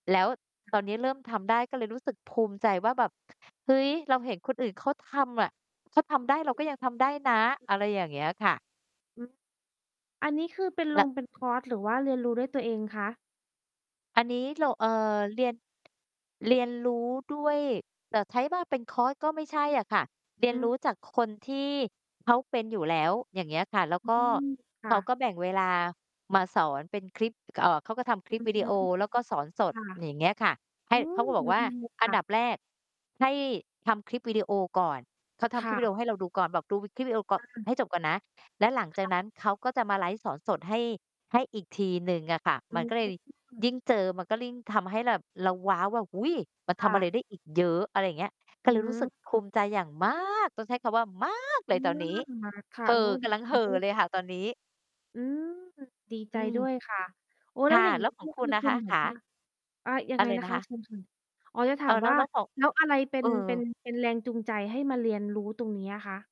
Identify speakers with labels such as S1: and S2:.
S1: แล้วตอนนี้เริ่มทำได้ ก็เลยรู้สึกภูมิใจว่าแบบ เฮ้ย เราเห็นคนอื่นเขาทำอะ เขาทำได้เราก็ยังทำได้นะ อะไรอย่างเงี้ยค่ะ
S2: อือ อันนี้คือเป็น ล
S1: ล
S2: งเป็นคอร์สหรือว่าเรียนรู้ด้วยตัวเองคะ?
S1: อันนี้เรา เอ่อ เรียน เรียนรู้ด้วย แต่ใช้ว่าเป็นคอร์สก็ไม่ใช่อะค่ะ เรี
S2: อ
S1: ย
S2: ื
S1: นร
S2: อ
S1: ู้จากคนที่เขาเป็นอยู่แล้ว อย่างเงี้ยค่ะ แล้ว
S2: อื
S1: ก็
S2: ม ค
S1: เข
S2: ่
S1: า
S2: ะ
S1: ก็แบ่งเวลามาสอนเป็นคลิป เอ่อ เขาก็ทำค
S2: อ
S1: ล
S2: ื
S1: ิปวิดี
S2: ม
S1: โอแล้วก็สอนสด
S2: ค่ะ
S1: อย่างเงี้ยค่ะ ใ
S2: อ
S1: ห
S2: ื
S1: ้ เ
S2: ม
S1: ขาก็บอ
S2: ด
S1: กว่า
S2: ีเลย
S1: อ
S2: ค
S1: ัน
S2: ่
S1: ดั
S2: ะ
S1: บแรกให้ทำคลิปวิดีโอก่อน เขาท
S2: ค
S1: ำคล
S2: ่
S1: ิปว
S2: ะ
S1: ิดีโอให้เราดูก่อน แบบดูคลิปวิดีโอก
S2: ค
S1: ่อน
S2: ่ะ
S1: ให้จบก่อนนะ แล้วหลัง
S2: ค
S1: จาก
S2: ่ะ
S1: นั้นเขาก็จะมาไลฟ์สอนสดให้ ให้อีกทีหนึ่งอะค่ะ
S2: อ
S1: มันก็เลย
S2: ื
S1: ย
S2: ม
S1: ิ่งเจอมันก็ยิ่งทำให้แบบเรา ว้าว ว่า อุ๊ย มัน
S2: ค
S1: ท
S2: ่
S1: ำอะ
S2: ะ
S1: ไรได้อีกเยอะ อะไรอย่างเงี้ย ก
S2: อ
S1: ็
S2: ื
S1: เลยรู้ส
S2: ม
S1: ึกภูมิใจอย่างมาก ต้องใช้คำว่ามากเล
S2: อื
S1: ยตอน
S2: ม
S1: นี้
S2: ค่ะ
S1: เห่
S2: โอ้
S1: อ ก
S2: ดี
S1: ำลัง
S2: ใจ
S1: เห่
S2: ด
S1: อ
S2: ้ว
S1: เลย
S2: ย
S1: ค่ะ ตอนนี้
S2: อืม ดีใ
S1: อ
S2: จ
S1: ื
S2: ด
S1: ม
S2: ้วยค่ะ โอ้
S1: ค
S2: แล้
S1: ่
S2: ว
S1: ะ
S2: อย่าง
S1: แล
S2: น
S1: ้
S2: ี้
S1: วขอ
S2: เน
S1: ง
S2: ี่ย
S1: ค
S2: ค
S1: ุณ
S2: ือ
S1: น่ะ
S2: คุ
S1: ค
S2: ณ
S1: ะ?
S2: แบ
S1: ข
S2: บ
S1: า
S2: ว่า อ่า ยั
S1: อ
S2: งไ
S1: ะ
S2: ง
S1: ไร
S2: นะ
S1: นะ
S2: ค
S1: ค
S2: ะ?
S1: ะ?
S2: เชิญค่ะ อ๋อ จะถ
S1: เอ
S2: า
S1: อ
S2: ม
S1: แล้
S2: ว่
S1: ว
S2: า
S1: แล้วของ
S2: แล้วอะไรเป็
S1: เอ
S2: น เป็น
S1: อ
S2: เป็นแรงจูงใจให้มาเรียนรู้ตรงนี้อะคะ?